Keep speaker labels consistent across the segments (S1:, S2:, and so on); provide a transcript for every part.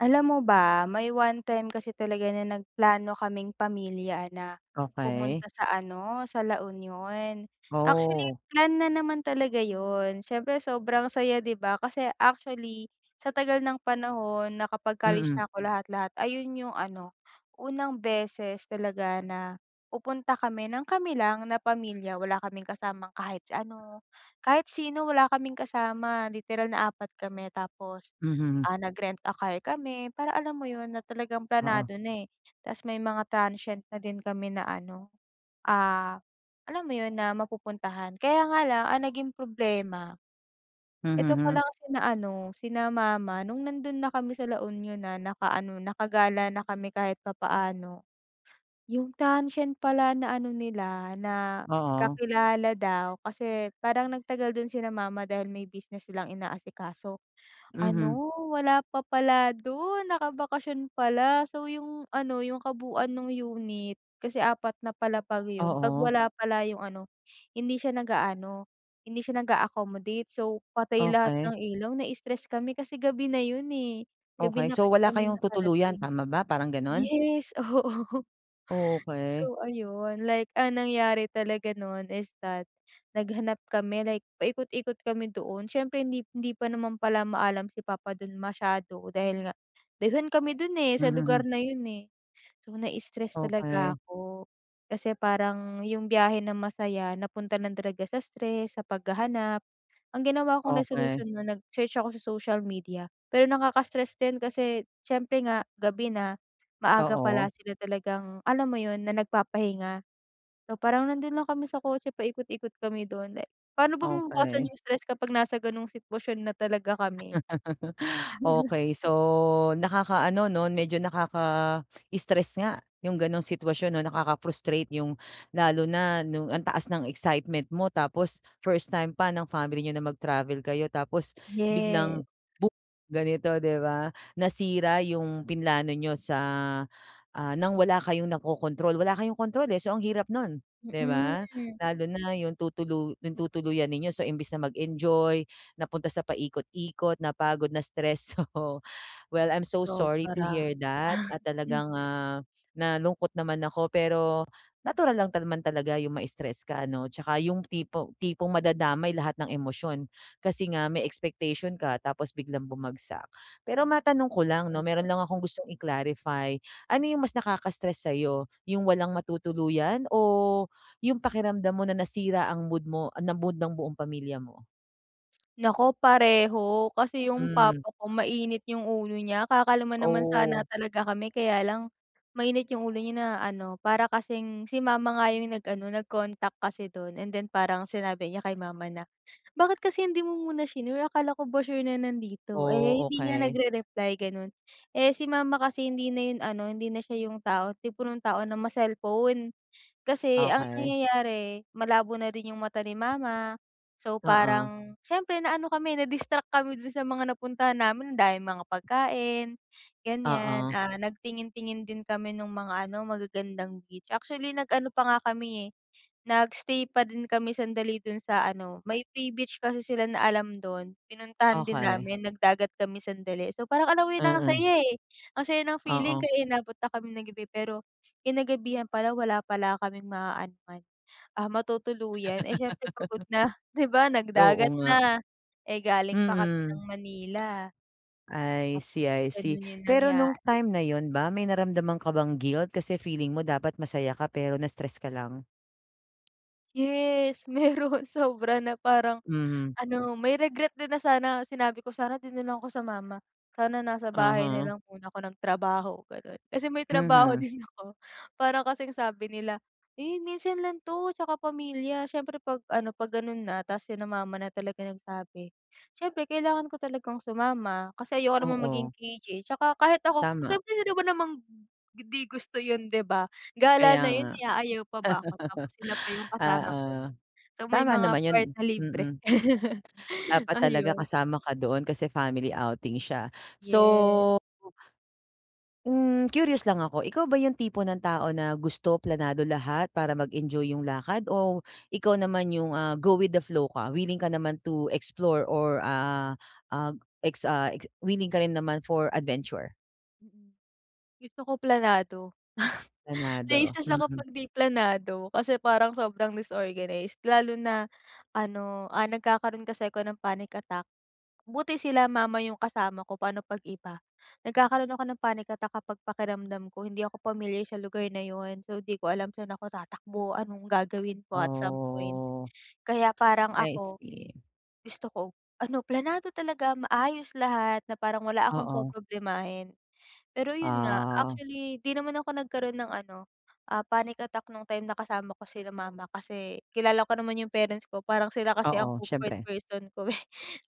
S1: Alam mo ba, may one time kasi talaga na nagplano kaming pamilya na
S2: Okey.
S1: pumunta sa ano, sa La Union. Actually,
S2: Oo.
S1: plan na naman talaga yun. Siyempre sobrang saya, di ba? Kasi actually sa tagal ng panahon nakapag-college
S2: Mm.
S1: na ako lahat-lahat, ayun yung ano, unang beses talaga na pupunta kami nang kami lang na pamilya, wala kaming kasamang kahit ano. Kahit sino wala kaming kasama, literal na 4 kami tapos,
S2: Mhm.
S1: ah, nag-rent-a-car kami para, alam mo yun, na talagang
S2: Oo.
S1: planado na eh, tapos may mga transient na din kami na ano, ah, alam mo yun, na mapupuntahan. Kaya nga lang ang naging problema,
S2: Mhm,
S1: eto
S2: hmm.
S1: palang sina ano, sina mama nung nandun na kami sa La Union na nakaano, nakagala na kami kahit papaano. Yung transient pala na ano nila, na
S2: Oo.
S1: kakilala daw, kasi parang nagtagal dun sina mama dahil may business silang inaasikaso,
S2: Mhm.
S1: ano, wala pa pala dun, nakabakasyon pala. So, yung ano, yung kabuuan nung unit, kasi 4 na palapag yun, 'pag
S2: Oo.
S1: wala pala yung ano, hindi siya nag-aano, hindi siya nag-a-accommodate. So, patay lahat
S2: Okey.
S1: ng ilaw. Na-stress kami kasi gabi na yun eh, gabi
S2: Okey.
S1: na
S2: So,
S1: kasi
S2: wala
S1: kami
S2: kayong tutuluyan
S1: nakarating.
S2: tama ba? Parang ganun?
S1: Yes, oo.
S2: Okey.
S1: So, ayun, like ang nangyari talaga nun is that, naghanap kami like paikot-ikot kami doon. Siyempre hindi p hindi pa naman pala maalam si papa dun masyado dahil nga dayuhan kami dun eh, sa
S2: Mhm, hmm.
S1: lugar na yun eh. So, na-stress talaga
S2: Okey.
S1: ako. Kasi parang yung biyahe na masaya napunta lang talaga sa stress, sa paghahanap. Ang ginawa kong
S2: Okey.
S1: resolusyon na nag-search ako sa social media. Pero nakaka-stress din kasi siyempre nga gabi na. Maaga pala
S2: Oo.
S1: sila talagang, alam mo yun, na nagpapahinga. So, parang nandun lang kami sa kotse, paikot-ikot kami dun. Eh paano ba mababawasan
S2: Okey.
S1: yung stress kapag nasa gano'ng sitwasyon na talaga kami?
S2: Okey. So, nakakaano 'no, medyo nakaka-stress nga yung gano'ng sitwasyon 'no, nakaka-frustrate yung lalo na nung ang taas ng excitement mo tapos first time pa ng family niyo na mag-travel kayo tapos
S1: Yes.
S2: biglang bo ganito, di ba? Nasira yung pinlano niyo sa, ah, nang wala kayong nakokontrol. Wala kayong kontrol eh. So, ang hirap nun, di ba?
S1: Mm.
S2: Lalo na yung tutulu tutuluyan ninyo. So, imbes na mag-enjoy, napunta sa paikot-ikot, napagod, na-stress. So, well, I'm so sorry to
S1: Sobra.
S2: hear that, at
S1: Hmm.
S2: talagang, ah, nalungkot naman ako. Pero natural lang naman talaga yung ma-stress ka ano, tsaka yung tipo tipong madadamay lahat ng emosyon. Kasi nga may expectation ka tapos biglang bumagsak. Pero matanong ko lang 'no, meron
S1: Mm.
S2: lang akong gustong i-clarify. Ano yung mas nakaka-stress sa'yo, yung walang matutuluyan o yung pakiramdam mo na nasira ang mood mo ah, ng mood ng buong pamilya mo?
S1: Nako pareho. Kasi, 'yung
S2: Hmm.
S1: papa ko mainit 'yung ulo niya, kakalma naman sana
S2: Oh.
S1: talaga kami kaya lang, mainit 'yung ulo niya na ano, para kasing si mama nga 'yung nag-ano, nag-contact kasi doon. And then parang sinabi niya kay mama na, "Bakit kasi hindi mo muna shinure, akala ko ba sure na nandito? Eh,
S2: Oh,
S1: hindi niya
S2: okey.
S1: nag-rereply," ganon. Eh, si mama kasi, hindi na ano, hindi na siya 'yung tipo ng tao na ma-cellphone. Kasi ang
S2: Okey.
S1: nangyayari, malabo na rin 'yung mata ni mama. So
S2: Oo.
S1: parang, siyempre na-ano kami, na-distract kami doon sa mga napuntahan namin dahil mga pagkain, gan'yan,
S2: Oo.
S1: ah, nagtingin-tingin din kami nung mga ano, magagandang beach, actually, nag-ano pa nga kami, eh, nag-stay pa din kami sandali doon sa ano may free beach kasi sila na alam doon, pinuntahan din
S2: Okey.
S1: namin, nag-dagat kami sandali. So parang alam mo yun, ang
S2: Mm.
S1: saya, eh, ang saya ng feeling,
S2: Oo.
S1: kaya inabot na kaming ng gabi pero kinagabihan pala, wala pala kaming ma-aanuhan, ah, matutuluyan, eh, siyempre pagod na, 'di ba?
S2: Oo
S1: Nag-dagat
S2: nga.
S1: na, eh, galing pa kami ng
S2: Mm.
S1: Manila.
S2: I see,
S1: Tapos
S2: I see,
S1: ganon 'yung
S2: pero nung
S1: nangyari.
S2: time na 'yun ba, may naramdaman ka bang guilt? Kasi feeling mo dapat masaya ka pero na-stress ka lang?
S1: Yes meron, sobra na parang
S2: Mhm.
S1: ano, may regret din na sana sinabi ko, "Sana 'di nalang ako sumama, sana nasa bahay
S2: Uh-huh.
S1: nalang muna ako nagtrabaho." Ganon. Kasi may trabaho
S2: Mhm.
S1: din ako, parang kasing sabi nila, "Eh, minsan lang to 'tsaka pamilya." Syempre 'pag ano, 'pag ganun na, tapos sina mama na talaga nagsabi, syempre kailangan ko talagang sumama, kasi ayoko naman maging
S2: Oo.
S1: KJ, 'tsaka kahit ako
S2: Tama.
S1: siyempre sino ba namang hindi gusto yun 'di ba?
S2: Kaya
S1: Gala na
S2: nga.
S1: yun eh, aayaw pa ba ako, tapos sila pa yung kasama
S2: Oo,
S1: ko, so may
S2: tama
S1: mga
S2: naman yun.
S1: part na libre.
S2: Mm. Dapat talaga
S1: Ayun.
S2: kasama ka doon, kasi family outing siya,
S1: Yes.
S2: so hmm, curious lang ako, ikaw ba yung tipo ng tao na gusto planado lahat para mag-enjoy yung lakad? O, ikaw naman yung, ah, go with the flow ka, willing ka naman to explore or ah ah, ex ah, ik willing ka rin naman for adventure?
S1: Mm. Gusto ko planado
S2: Planado?
S1: na-istress ako
S2: Mhm.
S1: 'pag 'di planado, kasi parang sobrang disorganized. Lalo na, ano, ah, nagkakaroon kasi ako ng panic attack. Buti sila mama yung kasama ko, pa'no 'pag iba? Nagkakaroon ako ng panic attack kapag pakiramdam ko hindi ako pamilyar sa lugar na yun, so di ko alam saan ako tatakbo, anong gagawin ko at some point.
S2: Oh,
S1: Kaya parang
S2: I
S1: ako,
S2: see.
S1: gusto ko, ano planado talaga, maayos lahat na parang wala akong
S2: Oo.
S1: poproblemahin. Pero yun nga,
S2: Ah.
S1: actually, di naman ako nagkaroon ng ano, ah, panic attack nung time na kasama ko sila mama kasi, kilala ko naman yung parents ko, parang sila kasi ang
S2: Oo,
S1: comfort
S2: siyempre.
S1: person ko eh,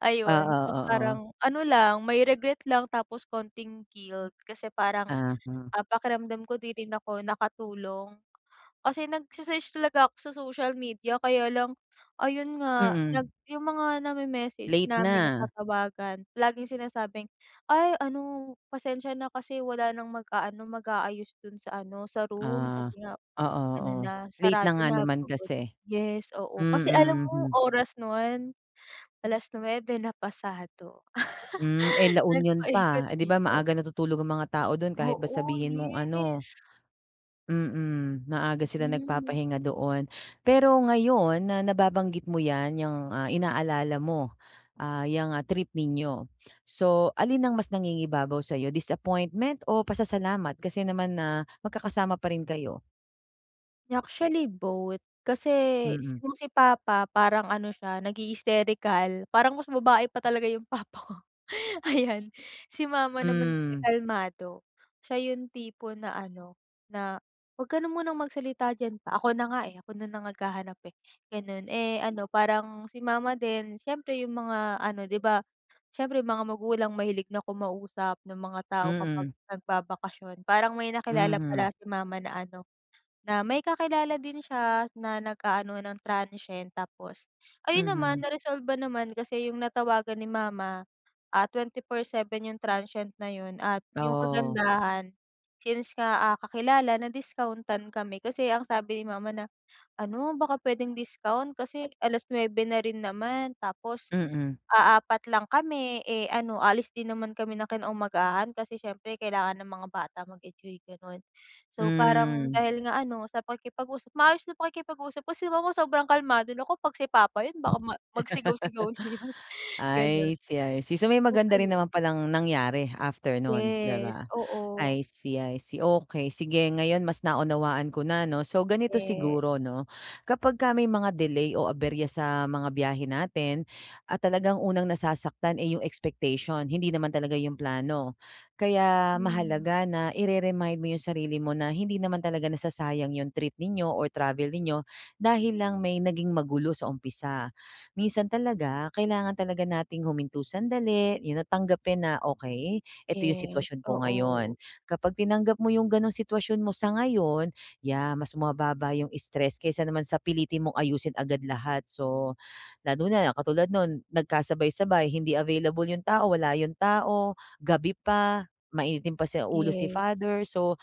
S1: ayun,
S2: Oo,
S1: so
S2: oo.
S1: parang ano lang, may regret lang, tapos konting guilt, kasi parang,
S2: Uh-huh.
S1: ah, pakiramdam ko 'di rin ako nakatulong. Kasi nagse-search talaga ako sa social media kaya lang, ayun nga, nag
S2: Mhm.
S1: yung mga name-message
S2: Late
S1: namin,
S2: na.
S1: natatawagan, laging sinasabing, "Ay ano, pasensya na kasi wala nang mag-aano, mag-aayos dun sa ano, sa room, kasi
S2: Ah,
S1: nga
S2: oo,
S1: ano
S2: oo,
S1: na,
S2: late na
S1: sarado
S2: nga
S1: na"
S2: naman
S1: Pagod
S2: kasi.
S1: yes, oo, kasi alam
S2: Mm,
S1: mo,
S2: mhm.
S1: oras no'n, 9:00 na pasado.
S2: Hmm, eh, La Union pa, eh, 'di ba
S1: Nagpa-ikot-ikot.
S2: maaga natutulog ang mga tao dun kahit ba
S1: Oo,
S2: sabihin mong ano
S1: yes.
S2: mm, maaga sila
S1: Mm.
S2: nagpapahinga doon. Pero ngayon na nababanggit mo 'yan, 'yang ah, inaalala mo, ah, yang ah, trip ninyo. So, alin ang mas nangingibabaw sa'yo, disappointment o pasasalamat? Kasi naman na mag-kakasama pa rin kayo?
S1: Actually, both. Kasi
S2: Mm.
S1: kung si papa parang ano siya, nagha-hysterical. Parang mas babae pa talaga yung papa ko, ayan. Si mama naman kasi
S2: Hmm.
S1: kalmado. Siya yung tipo na ano, na "'Wag ka na munang magsalita diyan, pa. Ako na nga, eh, ako na na nga naghahanap, eh," gano'n. Eh, ano, parang si mama din siyempre yung mga ano, 'di ba siyempre yung mga magulang, mahilig na kumausap ng mga tao kapag
S2: Mm.
S1: nagbabakasyon. Parang may nakilala pala
S2: Mhm.
S1: si mama na ano, na may kakilala din siya na nag-aano ng transient tapos ayun naman
S2: Mhm.
S1: na-resolve ba naman kasi yung natawagan ni mama, ah, 24/7 yung transient na yun at yung
S2: Oh.
S1: kagandahan, since nga, ah, kakilala, na-discount-an kami kasi ang sabi ni mama na, "Ano, baka puwedeng discount kasi alas-nuebe na rin naman tapos
S2: Mm.
S1: aapat lang kami, eh, ano aalis din naman kami ng kinaumagahan kasi siyempre kailangan ng mga bata mag-enjoy," gano'n. So parang
S2: Hmm.
S1: dahil nga ano, sa pakikipag-usap, maayos na pakikipag-usap. Kasi si mama sobrang kalmado, nako 'pag si papa yun, baka ma magsigaw-sigaw na yun, gano'n.
S2: I see, I see. So, may
S1: Oh,
S2: maganda rin
S1: ayun.
S2: naman pa lang nangyari after nun, 'di
S1: Yes,
S2: ba?
S1: oo.
S2: I see, I see, okey. Sige, ngayon mas naunawaan ko na 'no. So ganito
S1: Yes.
S2: siguro 'no, kapagka may mga delay o aberya sa mga biyahe natin at talagang unang nasasaktan, eh, yung expectation, hindi naman talaga yung plano. Kaya
S1: Mm.
S2: mahalaga na ire-remind mo yung sarili mo na hindi naman talaga nasasayang yung trip ninyo or travel ninyo, dahil lang may naging magulo sa umpisa. Minsan talaga, kailangan talaga nating huminto sandali, yun na tanggapin na, "okey, eto yung
S1: Yes,
S2: sitwasyon ko ngayon."
S1: oo.
S2: Kapag tinanggap mo yung gano'ng sitwasyon mo sa ngayon, yeah, mas bumababa yung stress kaysa naman sa pilitin mong ayusin agad lahat. So, lalo na, na katulad no'n, nagkasabay-sabay, hindi available yung tao, wala yung tao, gabi pa, mainitin pa sa ulo si
S1: Yes.
S2: father, so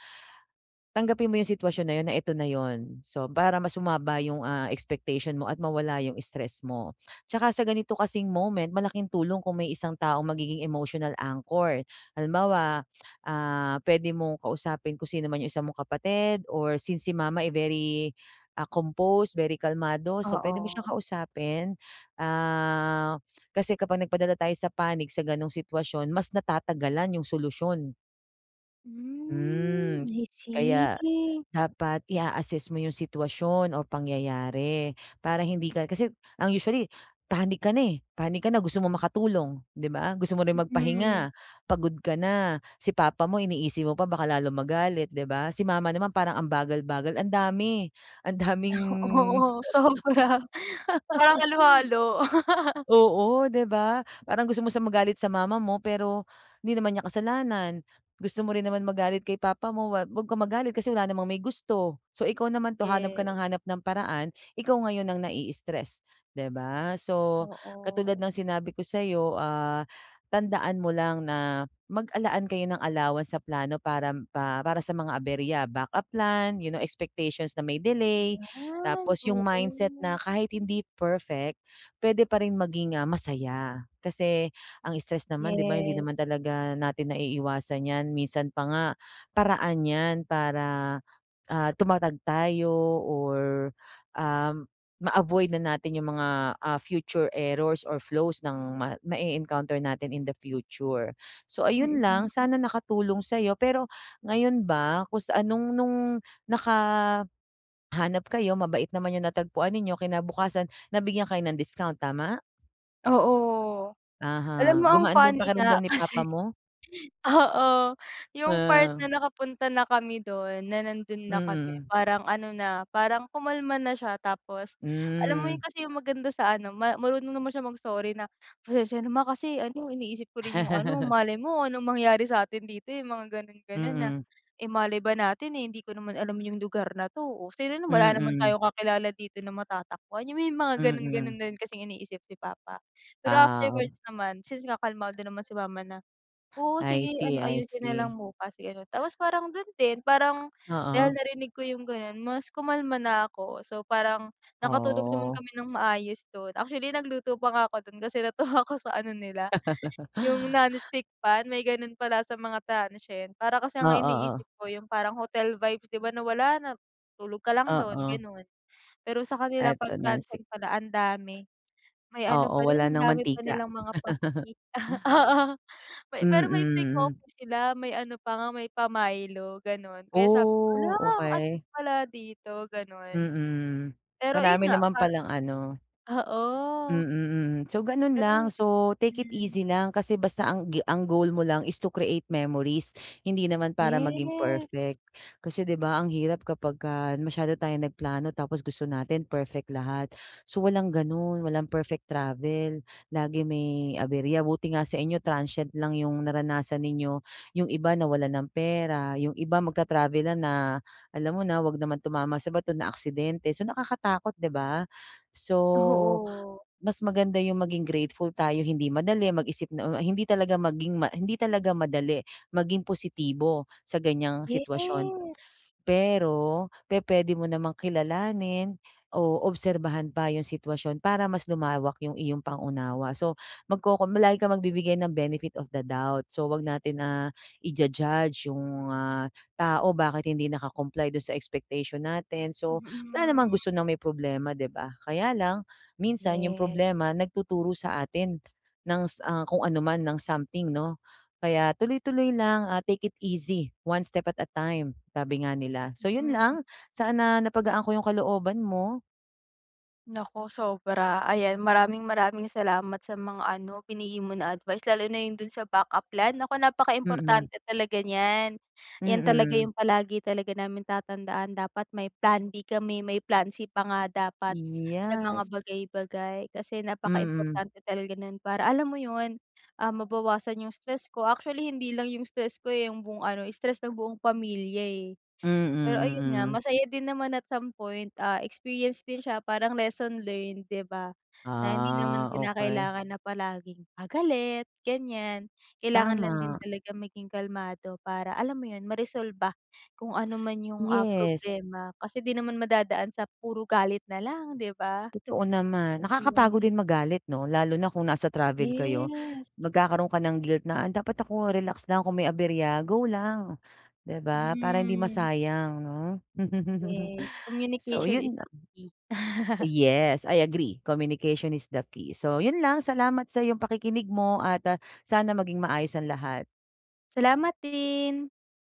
S2: tanggapin mo yung sitwasyon na yun na eto na 'yon. So, para mas bumaba yung, ah, expectation mo at mawala yung stress mo. Tsaka sa ganito kasing moment, malaking tulong kung may isang taong magiging emotional anchor. Halimbawa, ah, puwede mong kausapin kung sino man, yung isa mong kapatid or since si mama, eh, very, ah, composed, very kalmado, so puwede mo siyang
S1: Oo.
S2: kausapin. Ah, kasi kapag nagpadala tayo sa panic sa gano'ng sitwasyon, mas natatagalan yung solusyon.
S1: Hmm,
S2: Hmm,
S1: I
S2: kaya
S1: see.
S2: dapat i-a-assess mo yung sitwasyon o pangyayari para hindi ka kasi ang usually panic ka na eh. Panic ka na gusto mong makatulong 'di ba? Gusto mo rin
S1: Mm.
S2: magpahinga pagod ka na, si papa mo iniisip mo pa baka lalo magalit 'di ba? Si mama naman parang ambagal-bagal andami ang daming
S1: O Oo sobra. Parang halo-halo.
S2: Oo 'di ba? Parang gusto mo siya magalit sa mama mo pero, di naman niya kasalanan. Gusto mo rin naman magalit kay papa mo, wag kang magalit kasi wala namang may gusto. So ikaw naman 'to hanap ka ng
S1: Yes.
S2: hanap ng paraan ikaw ngayon ang na-i-istress 'di ba? So katulad
S1: Oo.
S2: ng sinabi ko sayo, ah, tandaan mo lang na mag, ah, laan kayo ng allowance sa plano para pa para sa mga aberya backup plan you know expectations na may delay.
S1: Ayan,
S2: Tapos yung
S1: oo.
S2: mindset na kahit hindi perfect pwede pa rin maging, ah, masaya. Kasi ang stress naman di ba hindi
S1: Yes.
S2: naman talaga natin naiiwasan yan. Minsan pa nga paraan yan para, ah, tumatag tayo or, ah, ma-avoid na natin yung mga, ah, future errors or flows ng ma ma-e-counter natin in the future. So ayun lang
S1: Mm.
S2: sana nakatulong sayo. Pero ngayon ba kung sa anong nung nakahanap kayo mabait naman yung natagpuan ninyo kinabukasan nabigyan kayo ng discount, tama?
S1: Oo.
S2: Uh-huh,
S1: Alam mo ang
S2: gumaan ba 'yong
S1: funny
S2: pakiramdam
S1: nga
S2: ni papa
S1: kasi
S2: mo?
S1: oo, yung part
S2: Ha.
S1: na nakapunta na kami do'n na nando'n na kami
S2: Mm.
S1: parang ano na parang kumalma na siya. Tapos, alam mo
S2: Hmm.
S1: yun kasi yung maganda sa ano ma marunong naman siyang mag-sorry na, "Pasensiya na ma. Kasi ano iniisip ko rin yung ano malay mo anong mangyari sa'tin dito, eh, yung mga gano'n, gano'n na.
S2: Mm.
S1: Eh, malay ba natin, eh, hindi ko naman alam yung lugar na 'to. Oh, sino nam wala naman
S2: Mm.
S1: tayong kakilala dito na matatakbuhan." Yung may mga gano'n, gano'n
S2: Mm.
S1: na rin kasing iniisip si papa. Pero
S2: Ah,
S1: afterwards
S2: ob
S1: naman since nga kalmado naman si mama na, "Oo,
S2: I
S1: sige ano
S2: see, I
S1: ayusin na
S2: see.
S1: lang bukas." Gano'n. Tapos parang do'n din parang dahil
S2: Oo.
S1: narinig ko yung gano'n mas kumalma na ako. So, parang nakatulog naman
S2: Oo.
S1: kami ng maayos do'n. Actually nagluto pa nga ako do'n kasi natuwa ako sa ano nila yung nonstick pan. May gano'n pala sa mga transient. Para kasi
S2: Oo,
S1: ang
S2: oh.
S1: iniisip ko yung parang hotel vibes, 'di ba, na wala na tulog ka lang do'n
S2: Oo.
S1: gano'n. Pero sa kanila
S2: Ah,
S1: pag
S2: 'to non-stick.
S1: transient pala andami. May ano
S2: Oo,
S1: pa do'n
S2: wala
S1: ang
S2: ng
S1: dami pa
S2: mantika
S1: nilang mga pa i ah, oo. Pe pero may free
S2: Mm.
S1: coffee sila, may ano pa nga may pa-Milo gano'n. Kaya sabi ko "Hala,
S2: Oh,
S1: ang astig
S2: okey.
S1: pala dito." Gano'n.
S2: Mm.
S1: Pero ayun
S2: Marami
S1: nga
S2: naman
S1: par
S2: palang ano Mm,
S1: oo.
S2: mm. So, gano'n lang.
S1: Pero
S2: So, take it
S1: hmm.
S2: easy lang. Kasi basta ang gi ang goal mo lang is to create memories hindi naman para maging
S1: Yes.
S2: perfect. Kasi, 'di ba, ang hirap kapagka masyado tayong nagplano. Tapos gusto natin perfect lahat. So, walang gano'n, walang perfect travel lagi may aberya. Buti nga sainyo transient lang yung naranasan ninyo, yung iba nawalan ng pera, yung iba magta-travel na na alam mo na huwag naman tumama sa bato naaksidente. So, nakakatakot, 'di ba? So,
S1: Oo.
S2: mas maganda yung maging grateful tayo, hindi madali mag-isip na u ay hindi talaga maging ma hindi talaga madali maging positibo sa ganyang sitwasyon.
S1: Yes.
S2: Pero pepuwede mo namang kilalanin o obserbahan pa yung sitwasyon para mas lumawak yung iyong pang-unawa. So, magkokom lagi kang magbibigay ng benefit of the doubt. So, huwag natin na i-ju-judge yung mga tao. Bakit hindi naka-comply do'n sa expectation natin? So, wala naman
S1: Mm.
S2: gusto ng may problema, 'di ba? Kaya lang minsan yung
S1: Yes.
S2: problema nagtuturo sa atin ng s ah, kung ano man ng something, 'no? Kaya tuloy-tuloy lang, ah, "Take it easy, one step at a time." Sabi nga nila. So, yun
S1: Hmm.
S2: lang sana na napagaan ko yung kalooban mo.
S1: Naku, sobra, ayan maraming, maraming salamat sa mga ano, binigay mo na advice, lalo na yung dun sa backup plan, naku,
S2: Mm.
S1: napaka-importante talaga niyan, 'yan talaga
S2: Mm.
S1: yung palagi talaga namin tatandaan, dapat may plan B kami, may plan C pa nga dapat, sa mga
S2: Yes.
S1: bagay-bagay, kasi
S2: Mm.
S1: napaka-importante talaga nun para, alam mo yun, ah, mabawasan yung stress ko, actually, hindi lang yung stress ko eh, yung buong ano stress ng buong pamilya eh.
S2: Mm,
S1: Pero ayun nga,
S2: mm.
S1: masaya din naman at some point, ah, experience din siya, parang lesson learned, 'di ba? Na hindi naman
S2: Ah, okey.
S1: kinakailangan na palaging, ah, galit, ganyan, kailangan lang din
S2: Tama.
S1: talaga maging kalmado para, alam mo yun, ma-resolba kung ano man yung, ah,
S2: Yes.
S1: problema, kasi di naman madadaan sa puro galit nalang 'di ba?
S2: Totoo naman, nakakapagod
S1: Yung
S2: din magalit 'no, lalo na kung nasa travel kayo.
S1: Yes.
S2: Magkakaroon ka ng guilt na, "Dapat ako relax lang, kung may aberya, go lang!" 'Di ba? Para hindi
S1: Mm.
S2: masayang 'no?
S1: Yes,
S2: So
S1: communication is
S2: yun
S1: the
S2: lang.
S1: key.
S2: Yes, I agree, communication is the key, so yun lang, salamat sa'yong pakikinig mo at, ah, sana maging maayos ang lahat.
S1: Salamat din.